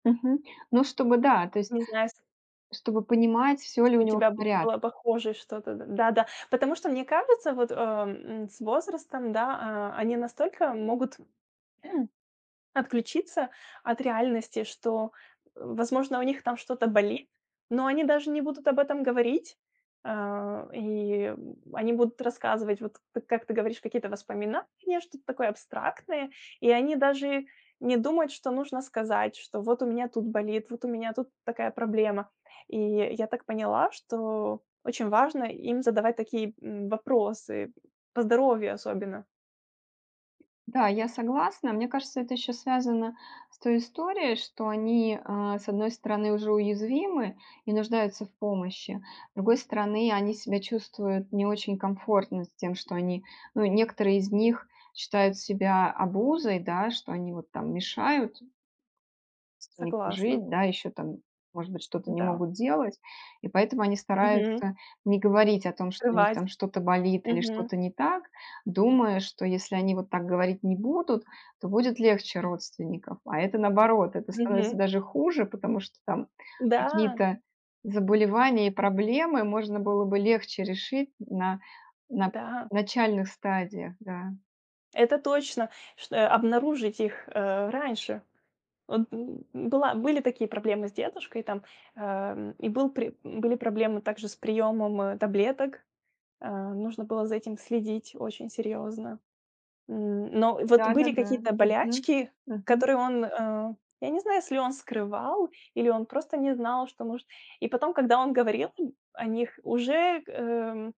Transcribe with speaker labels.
Speaker 1: Мгм. Ну, чтобы да, то есть
Speaker 2: Не знаю сь
Speaker 1: чтобы понимать, всё ли
Speaker 2: Если
Speaker 1: у
Speaker 2: у
Speaker 1: него в
Speaker 2: тебя б
Speaker 1: порядке.
Speaker 2: было похожее что-то. Д да-да. Потому что мне кажется, вот, э, м, с возрастом, да, а, они настолько могут отключиться от реальности, что, возможно, у них там что-то болит, но они даже не будут об этом говорить. Э, и они будут рассказывать, вот т как ты говоришь, какие-то воспоминания, что-то такое абстрактное. И они даже не думают, что нужно сказать, что: "Вот у меня тут болит, вот у меня тут такая проблема". И я так поняла, что очень важно им задавать такие, м, вопросы, по здоровью особенно.
Speaker 1: Да, я согласна. Мне кажется, это еще связано с той историей, что они, э, с одной стороны, уже уязвимы и нуждаются в помощи. С другой стороны, они себя чувствуют не очень комфортно с тем, что они, ну, некоторые из них считают себя обузой, да, что они вот там мешают столько
Speaker 2: Согласна.
Speaker 1: жить, да. Еще там, может быть, что-то не
Speaker 2: Да.
Speaker 1: могут делать. И поэтому они
Speaker 2: Мгм.
Speaker 1: стараются не говорить о том, что у них
Speaker 2: Скрывать.
Speaker 1: там что-то болит или
Speaker 2: Мгм.
Speaker 1: что-то не так, думая, что если они вот так говорить не будут, то будет легче родственников. А это, наоборот, это становится
Speaker 2: Мгм.
Speaker 1: даже хуже, потому что там
Speaker 2: Да.
Speaker 1: какие-то заболевания и проблемы можно было бы легче решить на на
Speaker 2: Да.
Speaker 1: начальных стадиях. Да.
Speaker 2: Это точно, чт Обнаружить их, э, раньше. Вот б была были такие проблемы с дедушкой там. Э, м. И был при были проблемы также с приемом, э, таблеток. Э, нужно было за этим следить очень серьезно. Н но вот были
Speaker 1: Да-да-да.
Speaker 2: какие-то
Speaker 1: Мгм.
Speaker 2: болячки,
Speaker 1: Мгм.
Speaker 2: которые он, э, я не знаю, если он скрывал, или он просто не знал, что может И потом, когда он говорил [unintelligible] о них уже, э, м